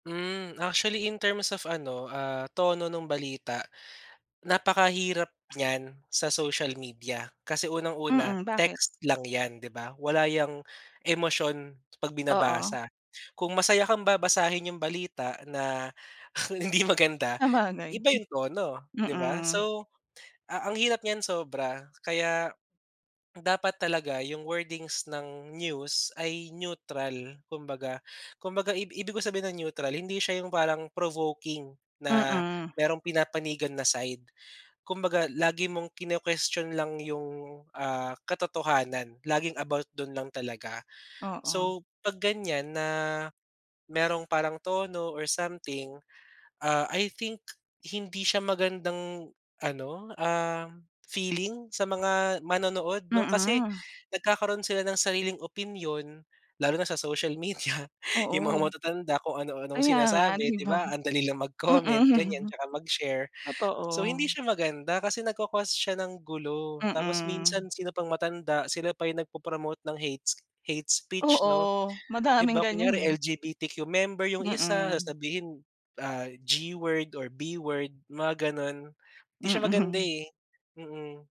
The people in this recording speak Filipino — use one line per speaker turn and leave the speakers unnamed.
Hmm, actually in terms of ano, ah, tono nung balita, napakahirap niyan sa social media. Kasi unang una
Mm, bakit?
text lang yan, di ba, wala yang emosyon pag
Oo.
binabasa. Kung masaya kang babasahin yung balita na, hindi maganda
Sabagay,
iba yung tono, di ba?
mm.
So, ang hirap niyan sobra kaya, dapat talaga yung wordings ng news ay neutral kumbaga. Kumbaga ib ibig kong sabihin ng neutral, hindi siya yung parang provoking na
Mm.
merong pinapanigan na side. Kumbaga lagi mong kino-question lang yung ah, katotohanan, laging about dun lang talaga.
Oo.
So pag ganyan na merong parang tono or something, ah, I think hindi siya magandang ano, ah, feeling sa mga manonood 'no. Kasi
Mm.
nagkakaroon sila ng sariling opinyon, lalo na sa social media, yung mga
Oo.
matatanda kung ano anong
Kaya nga,
sinasabi,
di
di
ba?
ba? Ang dali lang mag-comment ganyan,
Mm.
tsaka mag-share.
Totoo.
So hindi siya maganda, kasi nagko-cause siya ng gulo, tapos
Mm.
minsan sino pang matanda sila pa yung nag po-promote ng hates hate speech
Oo,
'no? Di
madaming
ba
ganyan,
kunyari
eh.
LGBTQ member yung isa,
Mm.
sasabihin ah, G word or B word mga ganon, di siya maganda,
Mm.
eh. Mm.